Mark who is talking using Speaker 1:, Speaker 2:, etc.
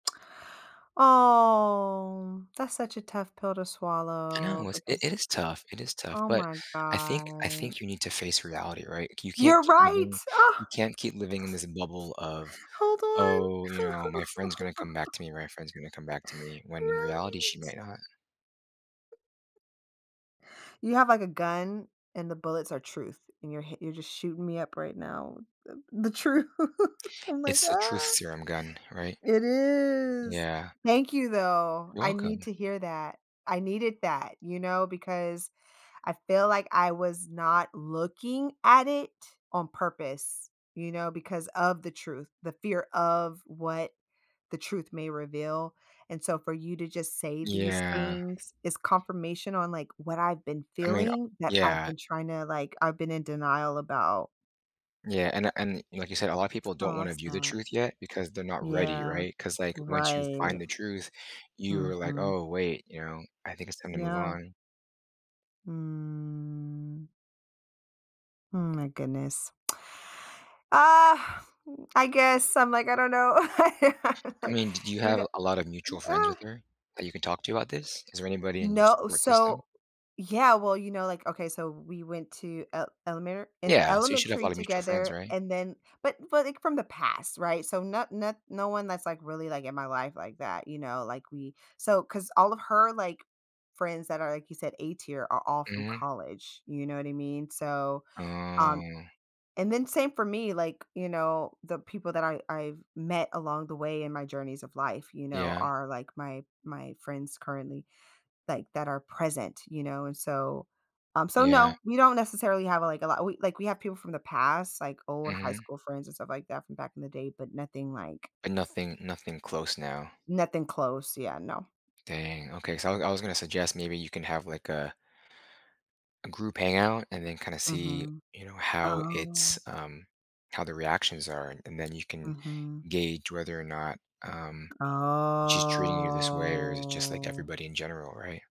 Speaker 1: Oh, that's such a tough pill to
Speaker 2: I
Speaker 1: swallow
Speaker 2: know, it's
Speaker 1: because
Speaker 2: it is tough. It is tough,
Speaker 1: oh
Speaker 2: but
Speaker 1: my
Speaker 2: I think I
Speaker 1: god.
Speaker 2: think you need to face reality, right? You can't
Speaker 1: You're
Speaker 2: keep
Speaker 1: right!
Speaker 2: living
Speaker 1: Ugh.
Speaker 2: you can't keep living in this bubble of,
Speaker 1: Hold on.
Speaker 2: "Oh, you know, my friend's gonna come back to me my friend's gonna come back to me," when in reality, she
Speaker 1: Right.
Speaker 2: might not.
Speaker 1: You have, like, a gun and the bullets are truth and you're hi you're just shooting me up right now the the truth I'm like,
Speaker 2: It's the truth
Speaker 1: "Ah."
Speaker 2: serum gun, right?
Speaker 1: It is.
Speaker 2: Yeah.
Speaker 1: Thank you though.
Speaker 2: You're
Speaker 1: I need
Speaker 2: welcome.
Speaker 1: to hear that. I needed that, you know, because I feel like I was not looking at it on purpose, you know, because of the truth, the fear of what the truth may reveal and so for you to just say these
Speaker 2: Yeah.
Speaker 1: things is confirmation on, like, what I've been
Speaker 2: I mean o
Speaker 1: feeling that I've
Speaker 2: yeah.
Speaker 1: been tryna, like I've been in denial about.
Speaker 2: Yeah, and and like you said, a lot of people don't
Speaker 1: Oh
Speaker 2: wanna
Speaker 1: that's
Speaker 2: view the
Speaker 1: sad.
Speaker 2: truth yet because they're not ready,
Speaker 1: Yeah,
Speaker 2: right? 'Cause, like, once you
Speaker 1: right.
Speaker 2: find the truth, you're like,
Speaker 1: Mhm.
Speaker 2: "Oh, wait," you know? "I think it's time to move
Speaker 1: Yeah.
Speaker 2: on."
Speaker 1: Mm. Mm, my goodness. Ah, I guess I'm, like, I don't know,
Speaker 2: I mean, did you
Speaker 1: you kno
Speaker 2: have a lot of mutual friends
Speaker 1: ah.
Speaker 2: with her that you can talk to about this? Is there anybody in your
Speaker 1: No,
Speaker 2: support system?
Speaker 1: so yeah well, you know like, okay so we went to el elemer
Speaker 2: Yeah. So you should have a
Speaker 1: elementary
Speaker 2: lot of mutual friends,
Speaker 1: together
Speaker 2: right?
Speaker 1: and then but but, like, from the past right so no not no one that's, like, really, like, in my life like that, you know, like, we so cause all of her, like, friends that are, like you said, A tier are all from
Speaker 2: Mhm.
Speaker 1: college, you know what I mean? So, um,
Speaker 2: Oh.
Speaker 1: and then same for me, like, you know, the people that I I've met along the way in my journeys of life, you know,
Speaker 2: Yeah.
Speaker 1: are, like, my my friends currently, like, that are present, you know, and so, um, so
Speaker 2: Yeah.
Speaker 1: no, we don't necessarily have, like, a lot, like, we have people from the past, like, old high
Speaker 2: Mhm.
Speaker 1: school friends and stuff like that from back in the day, but nothing like
Speaker 2: But nothing nothing close now.
Speaker 1: Nothing close. Yeah, no.
Speaker 2: Dang, okay. So, I I was gonna suggest maybe you can have, like, a a group hangout and then kinda see,
Speaker 1: Mhm.
Speaker 2: you know, how it's,
Speaker 1: Oh.
Speaker 2: um, how the reactions are. And then you can
Speaker 1: Mhm.
Speaker 2: gauge whether or not, um, she's treating you this way or is it just like
Speaker 1: Oh.
Speaker 2: everybody in general, right?